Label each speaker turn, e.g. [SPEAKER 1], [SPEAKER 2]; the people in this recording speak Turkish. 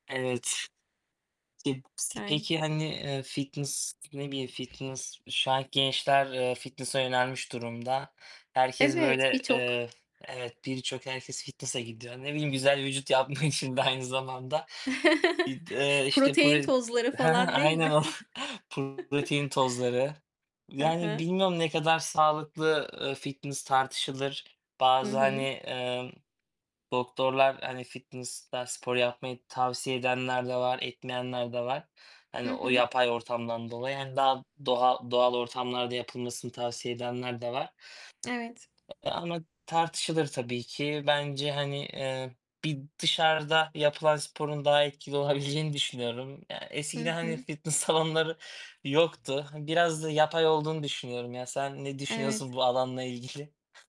[SPEAKER 1] Evet. [unintelligible]
[SPEAKER 2] Yani.
[SPEAKER 1] peki, hani, eee, fitness ne bileyim, fitness şu anki gençler, eee, fitness'a yönelmiş durumda. Herkes,
[SPEAKER 2] Evet,
[SPEAKER 1] böyle,
[SPEAKER 2] birçok.
[SPEAKER 1] eee, evet birçok herkes fitness'a gidiyor. Ne bileyim, güzel vücut yapmak için de aynı zamanda ıd eee, işte, prot
[SPEAKER 2] Protein
[SPEAKER 1] he
[SPEAKER 2] tozları
[SPEAKER 1] he,
[SPEAKER 2] falan değil
[SPEAKER 1] aynen
[SPEAKER 2] mi?
[SPEAKER 1] o. protein tozları,
[SPEAKER 2] Hı
[SPEAKER 1] yani,
[SPEAKER 2] hı.
[SPEAKER 1] bilmiyorum ne kadar sağlıklı, ııı, fitness tartışılır.
[SPEAKER 2] Hı
[SPEAKER 1] Bazı,
[SPEAKER 2] hı.
[SPEAKER 1] hani, ımm, doktorlar, hani, fitness'ta spor yapmayı tavsiye edenler de var, etmeyenler de var.
[SPEAKER 2] Hı
[SPEAKER 1] Hani, o
[SPEAKER 2] hı.
[SPEAKER 1] yapay ortamdan dolayı, hani, daha doğal doğal ortamlarda yapılmasını tavsiye edenler de var,
[SPEAKER 2] Evet.
[SPEAKER 1] eee, ama tartışılır tabii ki. Bence, hani, eee, bir dışarıda yapılan sporun daha etkili olabileceğini düşünüyorum. Ya
[SPEAKER 2] Hı
[SPEAKER 1] eskiden, hani,
[SPEAKER 2] hı.
[SPEAKER 1] fitness salonları yoktu. Hani, biraz da yapay olduğunu düşünüyorum. Ya sen ne düşünüyorsun
[SPEAKER 2] Evet.
[SPEAKER 1] bu alanla ilgili?